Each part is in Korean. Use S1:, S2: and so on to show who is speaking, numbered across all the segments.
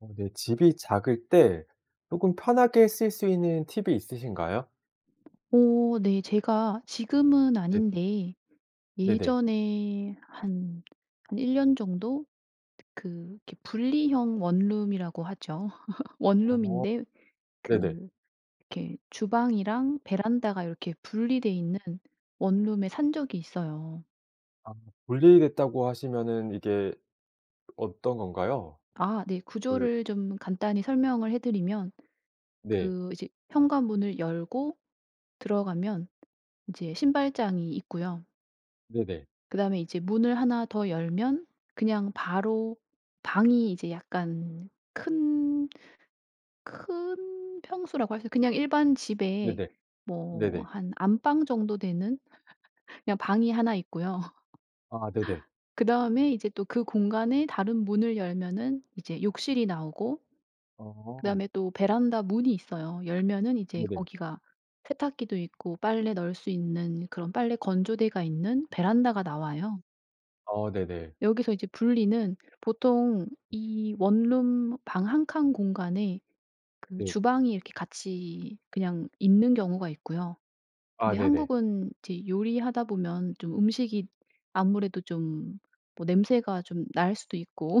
S1: 아 네, 집이 작을 때 쪼금 편하게 쓸 수 있는 팁이 있으신가요?
S2: 어 네, 제가 지금은
S1: 네.
S2: 아닌데
S1: 네네.
S2: 예전에 한 한 1 년 정도 그 이렇게 분리형 원룸이라고 하죠.
S1: 어
S2: 원룸인데
S1: 네네.
S2: 그 이렇게 주방이랑 베란다가 요렇게 분리돼 있는 원룸에 산 적이 있어요.
S1: 아 분리 됐다고 하시면은 이게 어떤 건가요?
S2: 아 네,
S1: 그
S2: 구조를 좀 간단히 설명을 해 드리면
S1: 네.
S2: 그 이제 현관문을 열고 들어가면 이제 신발장이 있고요.
S1: 네네.
S2: 그다음에 이제 문을 1 더 열면 그냥 바로 방이 이제 약간 큰 큰 평수라고 할 수 있 그냥 일반 집에
S1: 네네.
S2: 뭐
S1: 네네.
S2: 한 안방 정도 되는 그냥 방이 1 있고요.
S1: 아 네네.
S2: 그다음에 이제 또 그 공간에 다른 문을 열면은 이제 욕실이 나오고
S1: 어.
S2: 그다음에 또 베란다 문이 있어요. 열면은 이제
S1: 네네.
S2: 거기가 세탁기도 있고 빨래 널 수 있는 그런 빨래 건조대가 있는 베란다가 나와요.
S1: 어 네네.
S2: 여기서 이제 분리는 보통 이 원룸 방 1 칸 공간에 그
S1: 네.
S2: 주방이 이렇게 같이 그냥 있는 경우가 있고요.
S1: 아
S2: 근데
S1: 네네.
S2: 한국은 이제 요리하다 보면 좀 음식이 아무래도 좀 뭐 냄새가 좀 날 수도 있고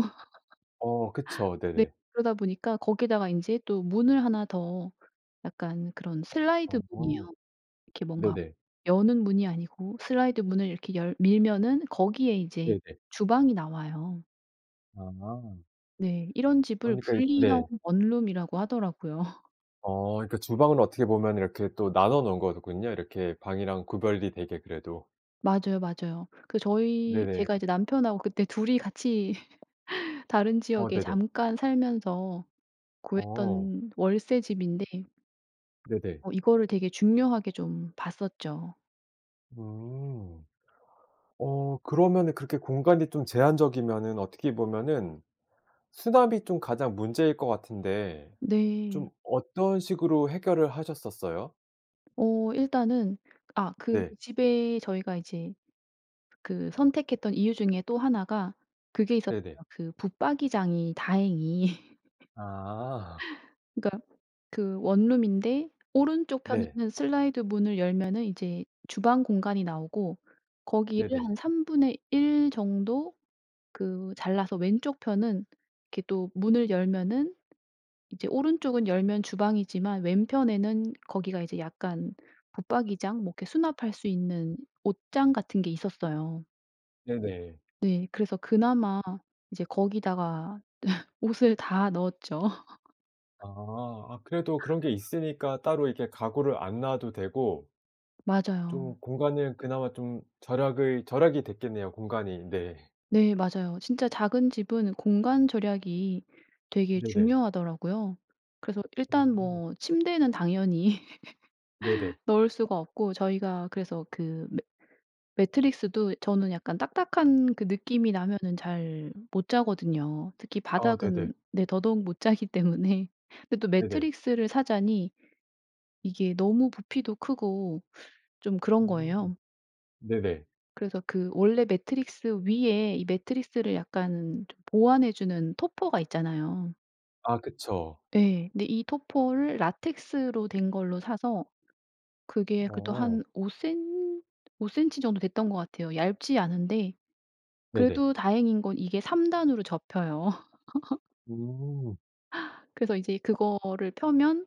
S1: 어 그쵸
S2: 네
S1: 네네.
S2: 그러다 보니까 거기에다가 인제 또 문을 1 더 약간 그런 슬라이드
S1: 어.
S2: 문이요. 이렇게 뭔가
S1: 네네.
S2: 여는 문이 아니고 슬라이드 문을 이렇게 열 밀면은 거기에 이제
S1: 네네.
S2: 주방이 나와요.
S1: 아.
S2: 네. 이런 집을
S1: 그러니까 이
S2: 분리형
S1: 네.
S2: 원룸이라고 하더라고요.
S1: 어 그러니까 주방을 어떻게 보면 이렇게 또 나눠 놓은 거군요. 이렇게 방이랑 구별이 되게 그래도.
S2: 맞아요, 맞아요. 그 저희
S1: 네네.
S2: 제가 이제 남편하고 그때 둘이 같이 다른
S1: 어
S2: 지역에
S1: 네네.
S2: 잠깐 살면서
S1: 어.
S2: 구했던 월세 집인데
S1: 네네.
S2: 어 이거를 되게 중요하게 좀 봤었죠.
S1: 음. 어 그러면은 그렇게 공간이 좀 제한적이면은 어떻게 보면은 수납이 좀 가장 문제일 거 같은데 좀
S2: 네.
S1: 어떤 식으로 해결을 하셨었어요?
S2: 어 일단은 아 그
S1: 네.
S2: 집에 저희가 이제 그 선택했던 이유 중에 또 1 가 그게 있었어요.
S1: 네네.
S2: 그 붙박이장이 다행히
S1: 아.
S2: 그러니까 그 원룸인데 오른쪽
S1: 네.
S2: 편에는 슬라이드 문을 열면은 이제 주방 공간이 나오고 거기를
S1: 네네.
S2: 한 3 분의 1 정도 그 잘라서 왼쪽 편은 이렇게 또 문을 열면은 이제 오른쪽은 열면 주방이지만 왼편에는 거기가 이제 약간 붙박이장 뭐 그렇게 수납할 수 있는 옷장 같은 게 있었어요.
S1: 네네.
S2: 네. 그래서 그나마 이제 거기다가 옷을 다 넣었죠.
S1: 아. 아 그래도 그런 게 있으니까 따로 이렇게 가구를 안 놔도 되고 좀
S2: 맞아요.
S1: 공간을 그나마 좀 절약을 절약이 됐겠네요 공간이. 네.
S2: 네 맞아요. 진짜 작은 집은 공간 절약이 되게
S1: 네네.
S2: 중요하더라고요. 그래서 일단
S1: 음.
S2: 뭐 침대는 당연히
S1: 네네.
S2: 넣을 수가 없고 저희가 그래서 그 매 매트리스도 저는 약간 딱딱한 그 느낌이 나면은 잘 못 자거든요. 특히
S1: 어 네네.
S2: 바닥은 네 더더욱 못 자기 때문에. 근데 또
S1: 네네.
S2: 매트리스를 사자니 이게 너무 부피도 크고 좀 그런
S1: 음.
S2: 거예요.
S1: 네네.
S2: 그래서 그 원래 매트리스 위에 이 매트리스를 약간 좀 보완해 주는 topper가 있잖아요.
S1: 아 그쵸.
S2: 예 근데 이 topper를 라텍스로 된 걸로 사서 그게 그래도
S1: 어.
S2: 한 5 센 5 센티 정도 됐던 것 같아요. 얇지 않은데
S1: 네네.
S2: 그래도 다행인 건 이게 3 단으로 접혀요.
S1: 음.
S2: 그래서 이제 그거를 펴면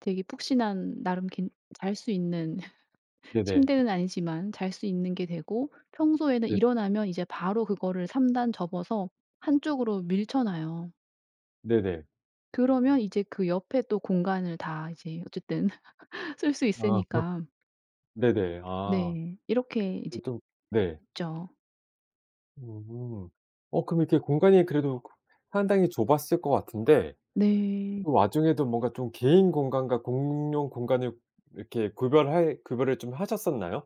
S2: 되게 푹신한 나름 괜 잘 수 있는
S1: 네네.
S2: 침대는 아니지만 잘 수 있는 게 되고 평소에는
S1: 네.
S2: 일어나면 이제 바로 그거를 3 단 접어서 한쪽으로 밀쳐놔요.
S1: 네네.
S2: 그러면 이제 그 옆에 또 공간을 다 이제 어쨌든 쓸 수
S1: 아.
S2: 있으니까.
S1: 네네. 아.
S2: 네. 이렇게 이제
S1: 그게 좀 네.
S2: 있죠.
S1: 음. 어 그럼 이렇게 공간이 그래도 상당히 좁았을 것 같은데
S2: 네.
S1: 그 와중에도 뭔가 좀 개인 공간과 공용 공간을 이렇게 구별할 구별을 좀 하셨었나요?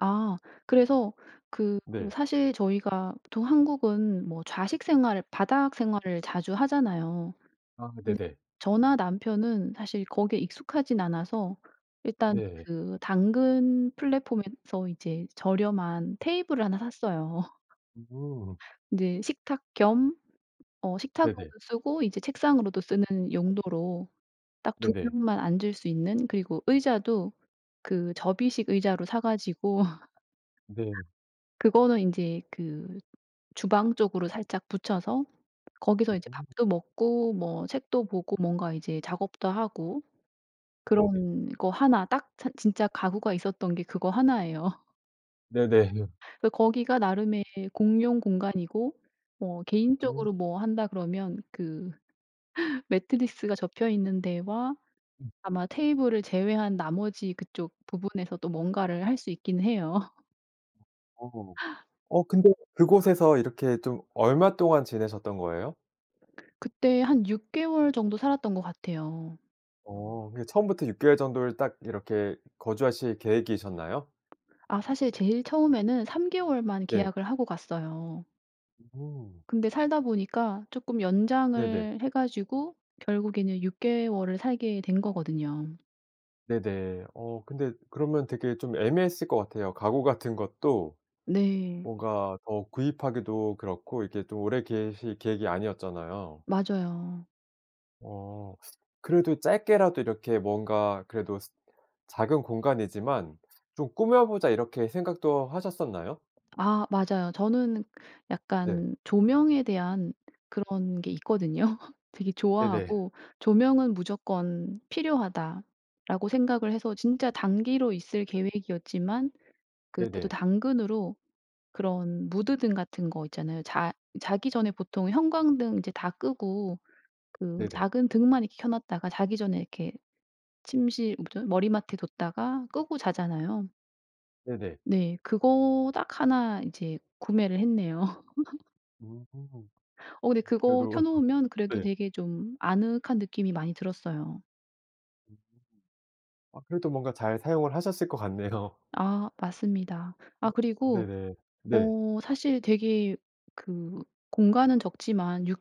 S2: 아 그래서 그
S1: 네.
S2: 사실 저희가 보통 한국은 뭐 좌식 생활을 바닥 생활을 자주 하잖아요.
S1: 아
S2: 근데
S1: 네네.
S2: 저나 남편은 사실 거기에 익숙하지는 않아서 일단
S1: 네.
S2: 그 당근 플랫폼에서 이제 저렴한 테이블을 1 샀어요.
S1: 음.
S2: 이제 식탁 겸 어 식탁으로도
S1: 네네.
S2: 쓰고 이제 책상으로도 쓰는 용도로 딱 2
S1: 네네.
S2: 명만 앉을 수 있는 그리고 의자도 그 접이식 의자로 사 가지고
S1: 네.
S2: 그거는 인제 그 주방 쪽으로 살짝 붙여서 거기서 이제
S1: 음.
S2: 밥도 먹고 뭐 책도 보고 뭔가 이제 작업도 하고
S1: 네네.
S2: 그런 거 1 딱 찬 진짜 가구가 있었던 게 그거 1 예요.
S1: 네네.
S2: 그래 거기가 나름의 공용 공간이고 뭐
S1: 음.
S2: 개인적으로 뭐 한다 그러면 그 매트리스가 접혀 있는 데와
S1: 음.
S2: 아마 테이블을 제외한 나머지 그쪽 부분에서도 뭔가를 할 수 있긴 해요.
S1: 어. 어 근데 그곳에서 이렇게 좀 얼마 동안 지내셨던 거예요?
S2: 그때 한 6 개월 정도 살았던 것 같아요.
S1: 어 이게 처음부터 6 개월 정도를 딱 이렇게 거주하실 계획이셨나요?
S2: 아 사실 제일 처음에는 3 개월만
S1: 네.
S2: 계약을 하고 갔어요.
S1: 음.
S2: 근데 살다 보니까 쪼끔
S1: 네네.
S2: 연장을 해 가지고 결국에는 6 개월을 살게 된 거거든요.
S1: 네네. 어 근데 그러면 되게 좀 애매했을 것 같아요. 가구 같은 것도
S2: 네.
S1: 뭔가 더 구입하기도 그렇고 이게 좀 오래 계실 계획이 아니었잖아요.
S2: 맞아요.
S1: 어 그래도 짧게라도 이렇게 뭔가 그래도 작은 공간이지만 좀 꾸며보자 이렇게 생각도 하셨었나요?
S2: 아 맞아요. 저는
S1: 네.
S2: 약간 조명에 대한 그런 게 있거든요. 되게
S1: 네네.
S2: 좋아하고 '조명은 무조건 필요하다.'라고 생각을 해서 진짜 단기로 있을 계획이었지만 그때도
S1: 네네.
S2: 당근으로 그런 무드 등 같은 거 있잖아요. 자 자기 전에 보통 형광등 이제 다 끄고 그
S1: 네네.
S2: 작은 등만 이렇게 켜 놨다가 자기 전에 이렇게 침실 뭐죠 머리맡에 뒀다가 끄고 자잖아요.
S1: 네네.
S2: 네. 그거 딱 1 인제 구매를 했네요.
S1: 음.
S2: 어 근데 그거 켜
S1: 그래도
S2: 놓으면 그래도
S1: 네.
S2: 되게 좀 아늑한 느낌이 많이 들었어요.
S1: 음. 아 그래도 뭔가 잘 사용을 하셨을 것 같네요.
S2: 아 맞습니다. 아 그리고
S1: 네네. 네.
S2: 어 사실 되게 그 공간은 적지만 6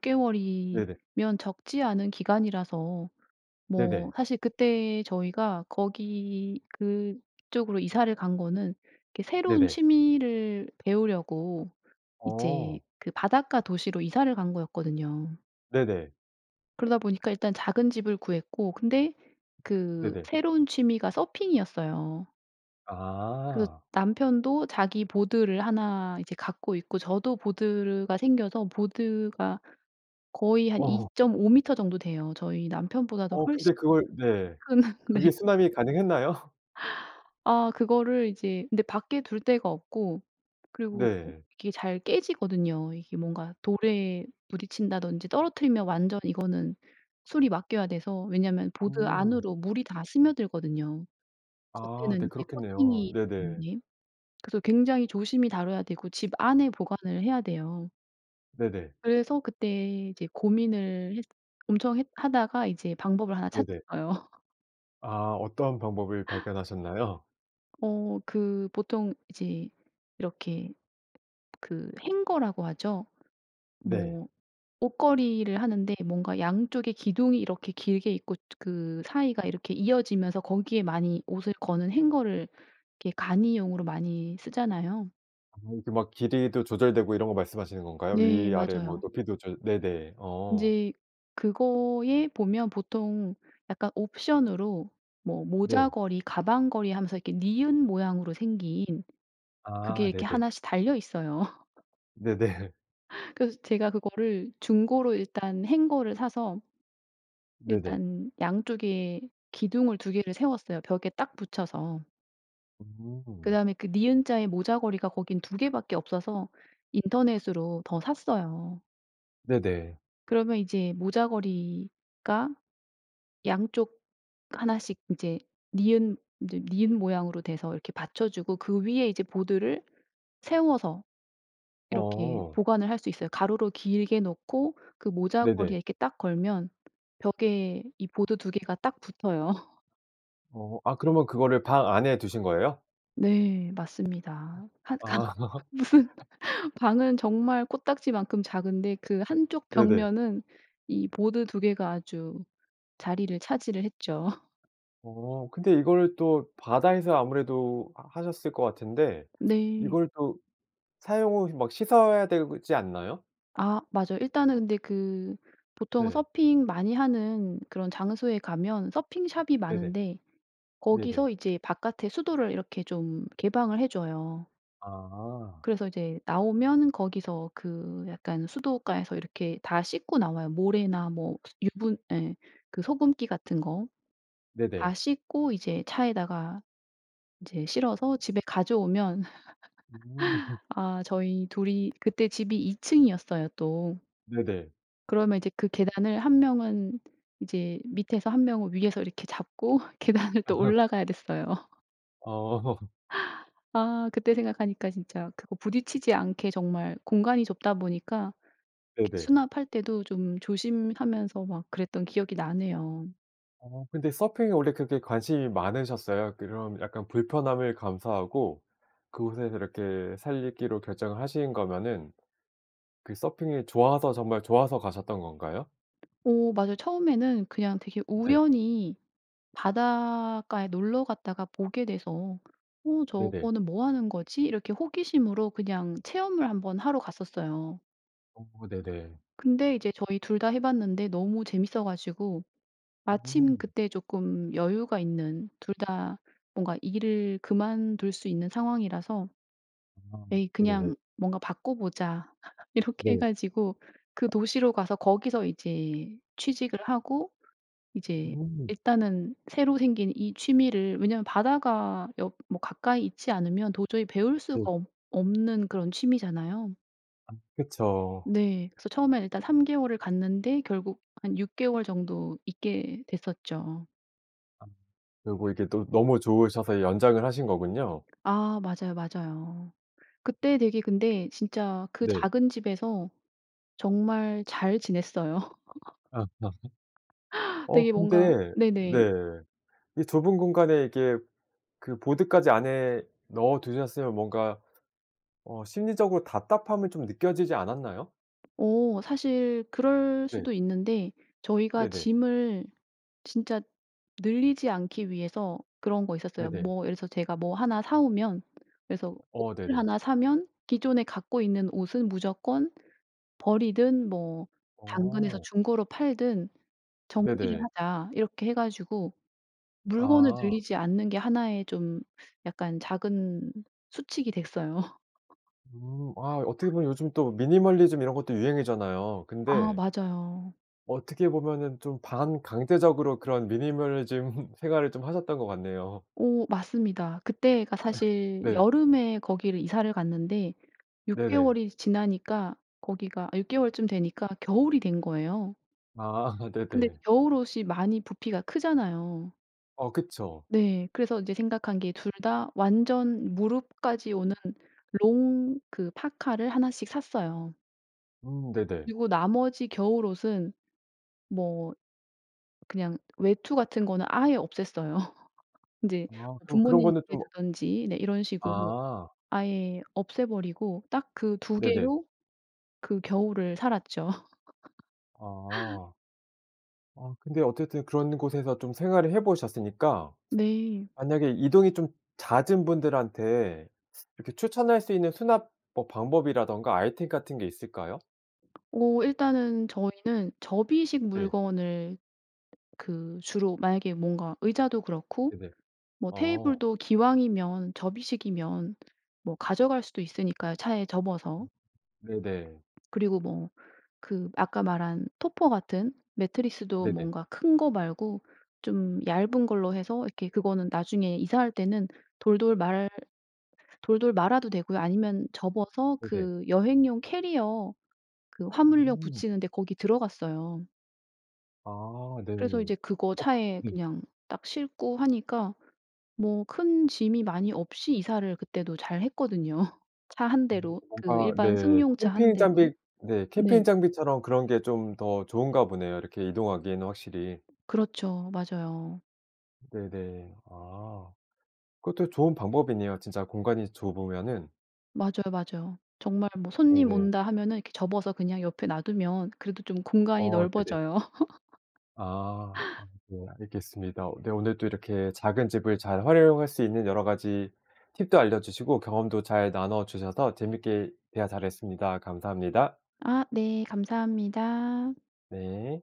S1: 네네.
S2: 개월이면 적지 않은 기간이라서 뭐
S1: 네네.
S2: 사실 그때 저희가 거기 그쪽으로 이사를 간 거는 이렇게 새로운
S1: 네네.
S2: 취미를 배우려고 이제
S1: 어.
S2: 그 바닷가 도시로 이사를 간 거였거든요.
S1: 네네.
S2: 그러다 보니까 일단 작은 집을 구했고 근데 그
S1: 네네.
S2: 새로운 취미가 서핑이었어요. 그래서
S1: 아.
S2: 남편도 자기 보드를 1 이제 갖고 있고 저도 보드가 생겨서 보드가 거의 한 이
S1: 어.
S2: 점 오 미터 정도 돼요. 저희 남편보다도
S1: 어
S2: 훨씬
S1: 근데 그걸 네.
S2: 큰 네.
S1: 그게 수납이 가능했나요?
S2: 아 그거를 이제 근데 밖에 둘 데가 없고 그리고
S1: 네.
S2: 이게 잘 깨지거든요. 이게 뭔가 돌에 부딪친다든지 떨어뜨리면 완전 이거는 수리 맡겨야 돼서 왜냐면 보드
S1: 음.
S2: 안으로 물이 다 스며들거든요.
S1: 아 네
S2: 겉에는 이제
S1: 그렇겠네요.
S2: 코팅이 음
S1: 네네.
S2: 예. 그래서 굉장히 조심히 다뤄야 되고 집 안에 보관을 해야 돼요.
S1: 네네.
S2: 그래서 그때 이제 고민을 했 엄청 했 하다가 이제 방법을 하나
S1: 네네.
S2: 찾았어요.
S1: 아 어떤 방법을 발견하셨나요?
S2: 어 그 보통 이제 이렇게 그 hanger라고 하죠.
S1: 네.
S2: 뭐 옷걸이를 하는데 뭔가 양쪽에 기둥이 이렇게 길게 있고 저 그 사이가 이렇게 이어지면서 거기에 많이 옷을 거는 hanger를 이렇게 간이용으로 많이 쓰잖아요.
S1: 어 이렇게 막 길이도 조절되고 이런 거 말씀하시는 건가요?
S2: 네
S1: 위 아래 뭐
S2: 맞아요.
S1: 높이도 졸 네네. 어.
S2: 인제 그거에 보면 보통 약간 옵션으로 뭐
S1: 네.
S2: 모자걸이 가방걸이 하면서 이렇게 니은 모양으로 생긴 그게
S1: 아
S2: 이렇게
S1: 네네.
S2: 1 씩 달려 있어요.
S1: 네네.
S2: 그래서 제가 그거를 중고로 일단 hanger를 사서
S1: 네네.
S2: 일단 양쪽에 기둥을 2 개를 세웠어요 벽에 딱 붙여서.
S1: 음.
S2: 그다음에 그 니은자의 모자걸이가 거기는 2 개밖에 없어서 인터넷으로 더 샀어요.
S1: 네네.
S2: 그러면 이제 모자걸이가 양쪽 1 씩 이제 니은 이제 니은 모양으로 돼서 이렇게 받쳐주고 그 위에 이제 보드를 세워서 이렇게
S1: 어.
S2: 보관을 할 수 있어요. 가로로 길게 놓고 그
S1: 네네.
S2: 모자걸이에 이렇게 딱 걸면 벽에 이 보드 2 개가 딱 붙어요.
S1: 어. 아 그러면 그거를 방 안에 두신 거예요?
S2: 네. 맞습니다. 1 칸
S1: 아.
S2: 무슨 방은 정말 코딱지만큼 작은데 그 1 쪽
S1: 네네.
S2: 벽면은 이 보드 2 개가 아주 자리를 차지를 했죠.
S1: 어. 근데 이거를 또 바다에서 아무래도 하 하셨을 것 같은데
S2: 네.
S1: 이걸 또 사용 후에 막 씻어야 되지 않나요?
S2: 아 맞아요. 일단은 근데 그 보통
S1: 네.
S2: 서핑 많이 하는 그런 장소에 가면 서핑샵이
S1: 네네.
S2: 많은데
S1: 네네.
S2: 거기서 이제 바깥에 수도를 이렇게 좀 개방을 해 줘요.
S1: 아.
S2: 그래서 이제 나오면 거기서 그 약간 수돗가에서 이렇게 다 씻고 나와요. 모래나 뭐 유분 예. 그 소금기 같은 거 다
S1: 네네.
S2: 씻고 이제 차에다가 이제 실어서 집에 가져오면
S1: 음.
S2: 아 저희 2 이 그때 집이 2 층이었어요 또.
S1: 네네.
S2: 그러면 이제 그 계단을 1 명은 이제 밑에서 1 명은 위에서 이렇게 잡고 계단을 또 올라가야 됐어요.
S1: 어.
S2: 아. 그때 생각하니까 진짜 그거 부딪히지 않게 정말 공간이 좁다 보니까 이렇게
S1: 네네.
S2: 수납할 때도 좀 조심하면서 막 그랬던 기억이 나네요.
S1: 어 근데 서핑에 원래 그렇게 관심이 많으셨어요? 그런 약간 불편함을 감수하고 그곳에서 그렇게 살기로 결정을 하신 거면은 그 서핑이 좋아서 정말 좋아서 가셨던 건가요?
S2: 오. 맞아요. 처음에는 그냥 되게
S1: 네.
S2: 우연히 바닷가에 놀러 갔다가 보게 돼서 어
S1: 네네.
S2: 저거는 뭐 하는 거지? 이렇게 호기심으로 그냥 체험을 한번 하러 갔었어요.
S1: 어 네네.
S2: 근데 이제 저희 2 다 해 봤는데 너무 재밌어 가지고 마침
S1: 음.
S2: 그때 쪼끔 여유가 있는 2 다 뭔가 일을 그만둘 수 있는 상황이라서
S1: 아
S2: "에이
S1: 네.
S2: 그냥 뭔가 바꿔 보자." 이렇게 해
S1: 네.
S2: 가지고 그 도시로 가서 거기서 이제 취직을 하고 이제
S1: 음.
S2: 일단은 새로 생긴 이 취미를 왜냐하면 바다가 옆 뭐 가까이 있지 않으면 도저히 배울 수가
S1: 네.
S2: 없 없는 그런 취미잖아요.
S1: 그쵸.
S2: 네. 그래서 처음에는 일단 3 개월을 갔는데 결국 한 6 개월 정도 있게 됐었죠.
S1: 그리고 이게 또 너무 좋으셔서 연장을 하신 거군요.
S2: 아 맞아요, 맞아요. 그때 되게 근데 진짜 그
S1: 네.
S2: 작은 집에서 정말 잘 지냈어요.
S1: 아. 어
S2: 되게 뭔가
S1: 근데
S2: 네네.
S1: 네. 이 좁은 공간에 이렇게 그 보드까지 안에 넣어 두셨으면 뭔가 어 심리적으로 답답함을 좀 느껴지지 않았나요?
S2: 어 사실 그럴
S1: 네.
S2: 수도 있는데 저희가
S1: 네네.
S2: 짐을 진짜 늘리지 않기 위해서 그런 거 있었어요.
S1: 네네.
S2: 뭐 예를 들어서 제가 뭐 1 사오면 그래서
S1: 어
S2: 옷을
S1: 네네.
S2: 1 사면 기존에 갖고 있는 옷은 무조건 버리든 뭐 당근에서
S1: 어.
S2: 중고로 팔든 "정리를
S1: 네네.
S2: 하자." 이렇게 해 가지고 물건을
S1: 아.
S2: 늘리지 않는 게 1 의 좀 약간 작은 수칙이 됐어요.
S1: 음 아 어떻게 보면 요즘 또 미니멀리즘 이런 것도 유행이잖아요.
S2: 아
S1: 근데
S2: 맞아요.
S1: 어떻게 보면은 좀 반강제적으로 그런 미니멀리즘 생활을 좀 하셨던 것 같네요.
S2: 오 맞습니다. 그때가 사실
S1: 네.
S2: 여름에 거기를 이사를 갔는데 6
S1: 네네.
S2: 개월이 지나니까 거기가 6 개월쯤 되니까 겨울이 된 거예요.
S1: 아
S2: 근데
S1: 네네.
S2: 겨울 옷이 많이 부피가 크잖아요.
S1: 어 그쵸.
S2: 네. 그래서 이제 생각한 게 2 다 완전 무릎까지 오는 롱 그 파카를 1 씩 샀어요.
S1: 음 네네.
S2: 그리고 나머지 겨울옷은 뭐 그냥 외투 같은 거는 아예 없앴어요. 인제
S1: 아 그럼 그런
S2: 부모님
S1: 거는
S2: 집에
S1: 좀
S2: 두든지 네 이런 식으로
S1: 아.
S2: 아예 없애 버리고 딱 그 2
S1: 네네.
S2: 개로 그 겨울을 살았죠.
S1: 아. 아 근데 어쨌든 그런 곳에서 좀 생활을 해 보셨으니까
S2: 네.
S1: 만약에 이동이 좀 잦은 분들한테 이렇게 추천할 수 있는 수납 뭐 방법이라든가 아이템 같은 게 있을까요?
S2: 어 일단은 저희는 접이식
S1: 네.
S2: 물건을 그 주로 만약에 뭔가 의자도 그렇고
S1: 네네.
S2: 뭐
S1: 어.
S2: 테이블도 기왕이면 접이식이면 뭐 가져갈 수도 있으니까요 차에 접어서.
S1: 네네.
S2: 그리고 뭐 그 아까 말한 토퍼 같은 매트리스도
S1: 네네.
S2: 뭔가 큰 거 말고 좀 얇은 걸로 해서 이렇게 그거는 나중에 이사할 때는 돌돌 말 돌돌 말아도 되고요. 아니면 접어서
S1: 네네.
S2: 그 여행용 캐리어 그 화물용
S1: 음.
S2: 부치는 데 거기 들어갔어요.
S1: 아 네.
S2: 그래서 이제 그거
S1: 어
S2: 차에
S1: 네.
S2: 그냥 딱 싣고 하니까 뭐 큰 짐이 많이 없이 이사를 그때도 잘 했거든요. 차 1
S1: 아
S2: 대로 그
S1: 뭔가
S2: 일반
S1: 네
S2: 승용차 1
S1: 캠핑
S2: 대로.
S1: 장비 네 캠핑
S2: 네.
S1: 장비처럼 그런 게 좀 더 좋은가 보네요 이렇게 이동하기에는 확실히.
S2: 그렇죠. 맞아요.
S1: 네네. 아. 그것도 좋은 방법이네요 진짜 공간이 좁으면은.
S2: 맞아요 맞아요. 정말 뭐 손님
S1: 네네.
S2: 온다 하면은 이렇게 접어서 그냥 옆에 놔 두면 그래도 좀 공간이
S1: 어 네네.
S2: 넓어져요.
S1: 아. 아 네 알겠습니다. 네 오늘도 이렇게 작은 집을 잘 활용할 수 있는 여러 가지 팁도 알려주시고 경험도 잘 나눠 주셔서 재밌게 대화 잘 했습니다. 감사합니다.
S2: 아 네. 감사합니다.
S1: 네.